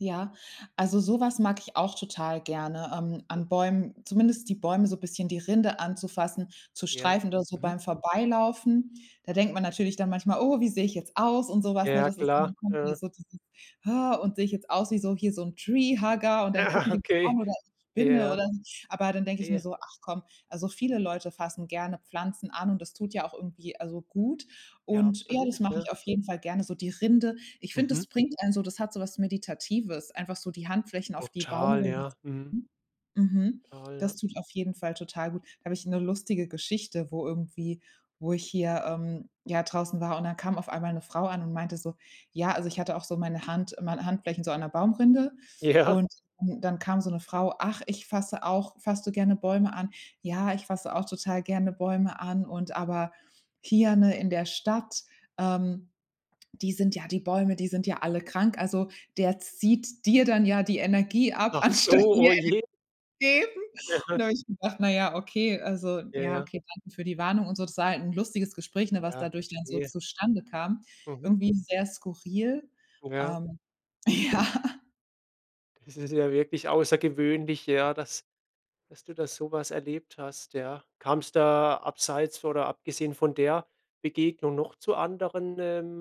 Ja, also so was mag ich auch total gerne ähm, an Bäumen zumindest die Bäume so bisschen die Rinde anzufassen, zu Ja. streifen oder so Mhm. beim Vorbeilaufen. Da denkt man natürlich dann manchmal: „Oh, wie sehe ich jetzt aus" und so was, ne, Ja das ist dann, klar. da kommt mir Aha. so dieses ha, „und sehe ich jetzt aus wie so hier so 'n Treehugger und dann gucken Aha, die mich okay. an oder ich spinne Ja, oder so." Aber dann denke ich mir verstehe. so: „Ach komm, also, viele Leute fassen gerne Pflanzen an und das tut ja auch irgendwie, also, gut." Ja Und ja, das absolut, mache ja. ich auf jeden Fall gerne so. Die Rinde, ich find, das Mhm. bringt einen so das hat so was Meditatives, einfach so die Handflächen auf die Total Baumrind ja, mhm. [unintelligible] Mhm. Total, ja. Das tut auf jeden Fall total gut. Da hab ich 'ne lustige Geschichte, wo irgendwie wo ich hier, ähm, ja draußen war und dann kam auf einmal 'ne Frau an und meinte so: Ja, also ich hatte auch so meine Hand meine Handflächen so an 'ner Baumrinde. Ja. Und dann dann kam so 'ne Frau: „Ach, ich fasse auch fasst du gerne Bäume an? Ja, ich fasse auch total gerne Bäume an und aber hier, ne, in der Stadt, ähm, die sind ja die Bäume die sind ja alle krank. Also der zieht dir dann ja die Energie ab, Ach so, anstatt dir oh je. [unintelligible] geben." Aha. Und da hab ich gedacht: „Na ja okay, also ja Ja. okay, danke für die Warnung und so.“ Das war halt 'n lustiges Gespräch, ne, was Ja, dadurch dann so verstehe. zustande kam. Mhm. Irgendwie sehr skurril Ja. ähm ja. Das ist ja wirklich außergewöhnlich, ja dass dass du da so was erlebt hast, ja. Kam's da abseits oder abgesehen von der Begegnung noch zu anderen, ähm